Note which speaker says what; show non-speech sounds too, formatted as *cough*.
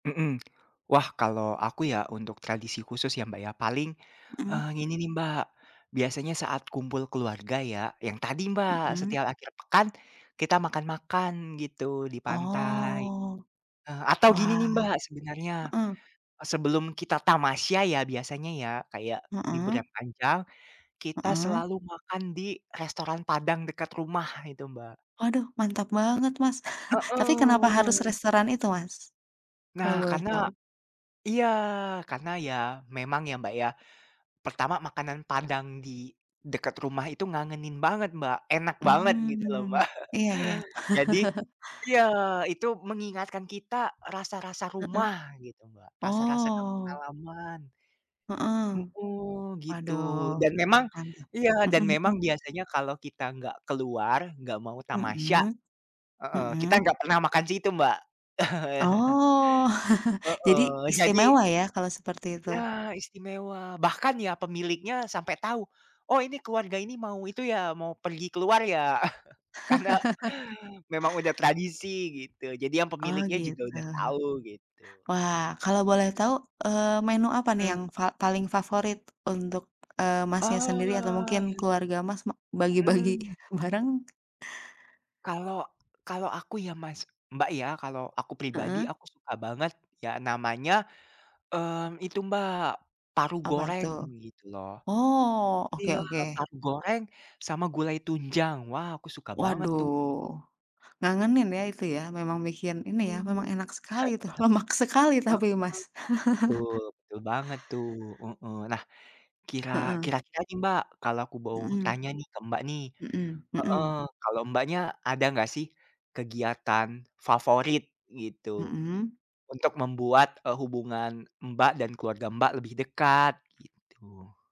Speaker 1: Mhm. Wah, kalau aku ya, untuk tradisi khusus ya Mbak ya. Paling,
Speaker 2: Hmm.
Speaker 1: eh, ini nih Mbak. Biasanya saat kumpul keluarga ya, yang tadi Mbak,
Speaker 2: Hmm.
Speaker 1: setiap akhir pekan kita makan-makan gitu di pantai.
Speaker 2: Oh.
Speaker 1: Eh, atau gini nih
Speaker 2: Wah.
Speaker 1: Mbak sebenarnya,
Speaker 2: Heeh.
Speaker 1: sebelum kita tamasya ya biasanya ya, kayak libur
Speaker 2: Hmm.
Speaker 1: yang panjang, kita
Speaker 2: Hmm.
Speaker 1: selalu makan di, restoran padang dekat rumah itu Mbak.
Speaker 2: Waduh, mantap banget Mas. *chuckles* Tapi kenapa harus
Speaker 1: Heeh.
Speaker 2: restoran itu Mas?
Speaker 1: Nah,
Speaker 2: Kalau boleh
Speaker 1: karena
Speaker 2: tahu.
Speaker 1: iya, karena ya, memang ya Mbak ya, pertama makanan Padang di dekat rumah itu ngangenin banget Mbak. Enak banget gitu loh
Speaker 2: Mmm.
Speaker 1: Mbak.
Speaker 2: Iya iya.
Speaker 1: *chuckles* Jadi
Speaker 2: *chuckles*
Speaker 1: iya itu mengingatkan kita rasa-rasa
Speaker 2: Heeh.
Speaker 1: rumah gitu Mbak, rasa-rasa kampung
Speaker 2: Oh.
Speaker 1: halaman.
Speaker 2: Heeh.
Speaker 1: Hmm, gitu.
Speaker 2: Waduh,
Speaker 1: Dan memang
Speaker 2: panjang.
Speaker 1: iya, dan
Speaker 2: Hmm
Speaker 1: memang
Speaker 2: hmm.
Speaker 1: biasanya kalau kita nggak keluar, nggak mau tamasya
Speaker 2: Mhm.
Speaker 1: heeh, kita
Speaker 2: Mhm.
Speaker 1: nggak pernah makan situ Mbak. *chuckles*
Speaker 2: Oh. *chuckles* Jadi,
Speaker 1: Heeh. Jadi
Speaker 2: istimewa ya kalau seperti itu.
Speaker 1: Ya, istimewa, bahkan ya pemiliknya sampe tahu, "Oh ini keluarga ini mau itu ya, mau pergi keluar ya?" *chuckles* karena,
Speaker 2: *laughs*
Speaker 1: memang udah tradisi, gitu. Jadi yang
Speaker 2: Oh
Speaker 1: pemiliknya juga
Speaker 2: gitu.
Speaker 1: udah tahu gitu.
Speaker 2: Wah, kalau boleh tahu, eee, menu apa nih
Speaker 1: Hmm.
Speaker 2: yang fa yang paling favorit untuk, eee, Masnya sendiri atau
Speaker 1: Oh,
Speaker 2: mungkin
Speaker 1: iya.
Speaker 2: keluarga Mas, ma bagi bagi
Speaker 1: Hmm.
Speaker 2: bareng?
Speaker 1: Kalau kalau aku ya Mas Mbak ya, kalau aku pribadi,
Speaker 2: Heeh.
Speaker 1: aku suka banget, ya namanya, eee, itu Mbak, paru
Speaker 2: Apa
Speaker 1: goreng
Speaker 2: tuh?
Speaker 1: gitu loh.
Speaker 2: Oh oke
Speaker 1: Iya,
Speaker 2: oke.
Speaker 1: paru goreng sama gulai tunjang, wah aku suka banget tuh
Speaker 2: Waduh. Ngangenin ya itu ya, memang bikin ini ya,
Speaker 1: Hmm.
Speaker 2: memang enak sekali itu, lemak sekali
Speaker 1: *chuckles*
Speaker 2: tapi
Speaker 1: Heeh.
Speaker 2: Mas. *laughs*
Speaker 1: Betul betul banget tuh heeh. Nah, kira,
Speaker 2: Heeh.
Speaker 1: kira-kira nih Mbak, kalau aku mau
Speaker 2: Hmm.
Speaker 1: tanya nih ke Mbak nih,
Speaker 2: Hmm
Speaker 1: heeh,
Speaker 2: hmm.
Speaker 1: kalau Mbaknya ada nggak sih, kegiatan favorit gitu,
Speaker 2: Hmm.
Speaker 1: untuk membuat, e hubungan Mbak dan keluarga Mbak lebih dekat, gitu.